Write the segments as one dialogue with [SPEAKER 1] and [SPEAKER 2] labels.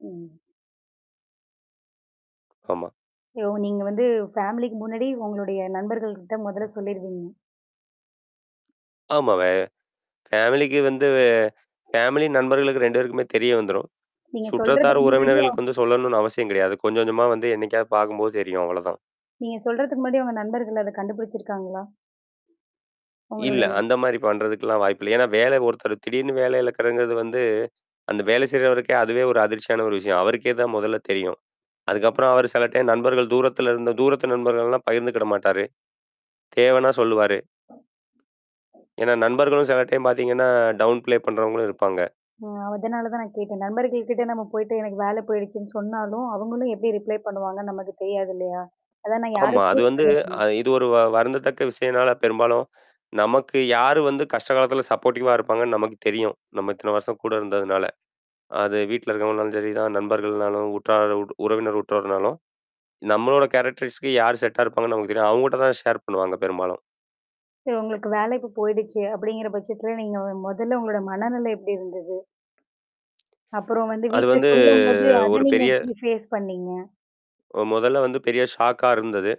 [SPEAKER 1] ம்.
[SPEAKER 2] ஆமா.
[SPEAKER 1] ஐயோ! நீங்க வந்து ஃபேமிலிக்கு முன்னாடி உங்களுடைய நண்பர்கள்கிட்ட முதல்ல சொல்லிருவீங்க.
[SPEAKER 2] ஆமாவே ஃபேமிலிக்கு வந்து வே ஃபேமிலி நண்பர்களுக்கு 2 பேருக்குமே தெரிய வந்துரும்.
[SPEAKER 1] நீங்க
[SPEAKER 2] சுற்றத்தார்,
[SPEAKER 1] சொல்றதற்கு முன்னாடியே
[SPEAKER 2] உறவினர்களுக்கு வந்து சொல்லணும்னு அவசியம் கிடையாது. கொஞ்சம் கொஞ்சமா வந்து என்னைக்காவது பார்க்கும்போது தெரியும். அவ்வளோதான்.
[SPEAKER 1] நீங்க சொல்றதுக்கு முன்னாடி உங்க நண்பர்கள் அதை கண்டுபுடிச்சுருக்காங்களா?
[SPEAKER 2] இல்ல,
[SPEAKER 1] உங்களுடைய
[SPEAKER 2] அந்த மாரி பண்றதுக்கல்லாம் வாய்ப்பு இல்ல. ஏன்னா, வேலை ஒருத்தர் திடீர்ன்னு வேலை இழக்குறதுங்கிறது வந்து, அந்த வேலை செய்றவருக்கே அதுவே ஒரு அதிர்ச்சியான ஒரு விஷயம். அவருக்கே தான் முதல்ல தெரியும். அதுக்கப்புறம் அவரு சில டைம் நண்பர்கள், தூரத்துல இருந்து தூரத்து நண்பர்கள்ல்லாம் பகிர்ந்துகிட மாட்டாரு. தேவைன்னா சொல்லுவாரு. ஏன்னா நண்பர்களும் சில டைம் பார்த்தீங்கன்னா, டவுன் பிளே பண்ணுறவங்களும் இருப்பாங்க.
[SPEAKER 1] அ அதனால தான் நான் கேட்டேன். நண்பர்கள் கிட்ட நம்ம போயிட்டு, எனக்கு வேலை போயிடுச்சுன்னு சொன்னாலும் அவங்களும் எப்படி ரிப்ளை பண்ணுவாங்கன்னு நமக்கு தெரியாது இல்லையா? அதான் நான் யாரை
[SPEAKER 2] ஆமா. அது
[SPEAKER 1] சூஸ்
[SPEAKER 2] வந்து
[SPEAKER 1] பண்ணுவேன்னு
[SPEAKER 2] அ இது ஒரு வ வருந்தத்தக்க விஷயம்னால, பெரும்பாலும் நமக்கு யாரு வந்து கஷ்ட காலத்துல சப்போர்ட்டிவா இருப்பாங்கன்னு நமக்கு தெரியும். நம்ம இத்தன வருஷம் கூட இருந்ததுனால. அது வீட்ல இருக்கவங்கனாலும் சரிதான், நண்பர்கள்னாலும், உற்றார் உறவினர் உற்றார்னாலும், நம்மளோட கேரக்டரிஸ்க்கு யார் செட்டா இருப்பாங்கன்னு நமக்கு தெரியும். அவங்கட்ட தான ஷேர் பண்ணுவாங்க பெரும்பாலும்.
[SPEAKER 1] சரி, உங்களுக்கு வேலை இப்ப போயிடுச்சு, அப்படீங்கிற பட்சத்தில நீங்க வ முதல்ல உங்களோட மனநிலை எப்படி இருந்தது? அப்புறம் வந்து
[SPEAKER 2] அது
[SPEAKER 1] வீட்ல
[SPEAKER 2] வந்து
[SPEAKER 1] சொல்லும்போது அதை
[SPEAKER 2] ஒரு
[SPEAKER 1] நீங்க
[SPEAKER 2] பெரிய
[SPEAKER 1] எப்படி ஃபேஸ் பண்ணீங்க?
[SPEAKER 2] அ முதல்ல வந்து பெரிய ஷாக்கா இருந்தது.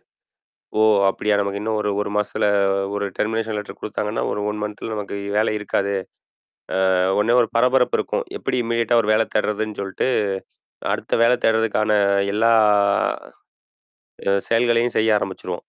[SPEAKER 2] "ஓ! அப்படியா! நமக்கு இன்னும் ஒரு, 1 மாசத்துல ஒரு டெர்மினேஷன் லெட்டர் குடுத்தாங்கன்னா, ஒரு 1 மன்த்துல நமக்கு வேலை இருக்காது." அ உடனே ஒரு பரபரப்பு இருக்கும். எப்படி இமீடியேட்டா ஒரு வேலை தேடுறதுன்னு சொல்லிட்டு, அடுத்த வேலை தேடுறதுக்கான எல்லா அ செயல்களையும் செய்ய ஆரம்பிச்சிருவோம்.